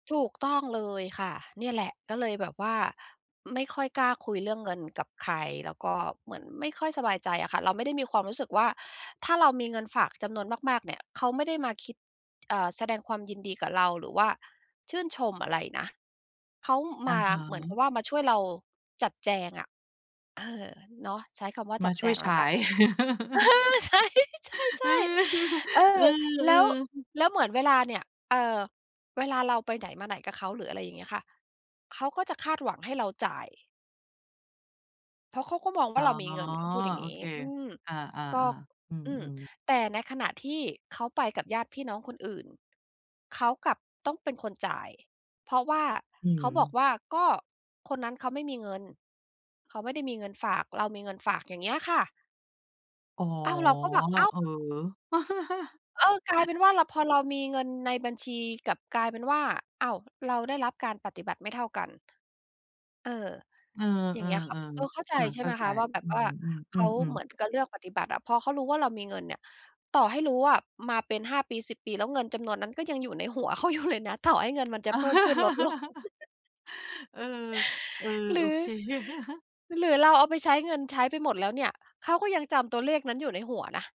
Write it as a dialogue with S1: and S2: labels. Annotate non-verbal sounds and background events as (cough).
S1: ถูกต้องเลยค่ะ เนี่ยแหละ ก็เลยแบบว่า ไม่ค่อยกล้าคุยเรื่องเงินกับใคร แล้วก็เหมือนไม่ค่อยสบายใจอะค่ะ เราไม่ได้มีความรู้สึกว่า ถ้าเรามีเงินฝากจำนวนมาก ๆ เนี่ย เขาไม่ได้มาคิด เอ่อ แสดงความยินดีกับเรา หรือว่าชื่นชมอะไรนะ เขา
S2: อ
S1: ม
S2: ะ
S1: า
S2: ฮ
S1: เหมือนก
S2: ะ
S1: ับว่า มาช่วยเราจัดแจงอะ เออ เนาะ ใช้คำว่า
S2: ม
S1: จั
S2: า
S1: ด
S2: ช
S1: แจ
S2: ่วย
S1: ง
S2: ใ
S1: แ
S2: ช
S1: ล้ว
S2: ้
S1: กันค่ะ เอ
S2: (chuckles)
S1: อ ใช้ ใช่ ๆ
S2: (chuckles) เ
S1: ๆ เอ
S2: อ
S1: อ
S2: อ เอ
S1: แล
S2: อ
S1: ้ว
S2: ๆ
S1: แล้วเหมือนเวลาเนี่ย เอ่อ เวลาเราไปไหนมาไหนกับเขา หรือ อะไรอย่างเงี้ยค่ะ เขาก็จะคาดหวังให้เราจ่าย เพราะเขาก็มอง
S2: อ
S1: ว่
S2: ๋
S1: า
S2: อ
S1: เรามีเงิน เขาพูดอย่าง
S2: โอ
S1: งี้
S2: เค
S1: อืม
S2: อา
S1: ก็
S2: ๆ ๆ อื
S1: อืม
S2: ม ๆ
S1: แต่ในขณะที่เขาไปกับญาติพี่น้องคนอื่น เขากลับต้องเป็นคนจ่าย เพราะว่า
S2: อื
S1: เขาบอก
S2: ม
S1: ว่า ก็คนนั้นเขาไม่มีเงิน เขาไม่ได้มีเงินฝาก เรามีเงินฝาก อย่างเงี้ยค่ะ
S2: อ๋อ
S1: อ้าว เราก็แบบ อ้าว
S2: เออ (chuckles)
S1: เออ กลายเป็นว่า ล พอเรามีเงินในบัญชี กลับกลายเป็นว่า อ้าว เราได้รับการปฏิบัติไม่เท่ากัน เออ
S2: เออ
S1: อย่างเงี้ยค่ะ เออ
S2: ๆ
S1: เข้าใจ
S2: ๆ ค่ะ
S1: ใช
S2: เ
S1: ่
S2: ข้
S1: ไห
S2: า
S1: ม
S2: ใ
S1: ค
S2: จ
S1: ะ ว่าแบ
S2: อ
S1: บ
S2: ื
S1: ว่าเขา
S2: ม
S1: เ
S2: ๆ
S1: หมือน
S2: ๆ ๆ
S1: กับเลือกปฏิบัติอะ พอเขารู้ว่าเรามีเงินเนี่ย ต่อให้รู้อะ มาเป็น 5 ปี 10 ปี แล้ว เงินจำนวนนั้น ก็ยังอยู่ในหัว เขาอยู่ เลยนะ ต่อให้เงินมันจะเพิ่มขึ้น ลดลง
S2: (chuckles)
S1: (chuckles)
S2: เออ เออ
S1: หร
S2: โอ
S1: ือ
S2: เค (chuckles)
S1: หรือเราเอาไปใช้ เงินใช้ไปหมดแล้วเนี่ย เขาก็ยังจำตัวเลขนั้น อยู่ในหัวนะ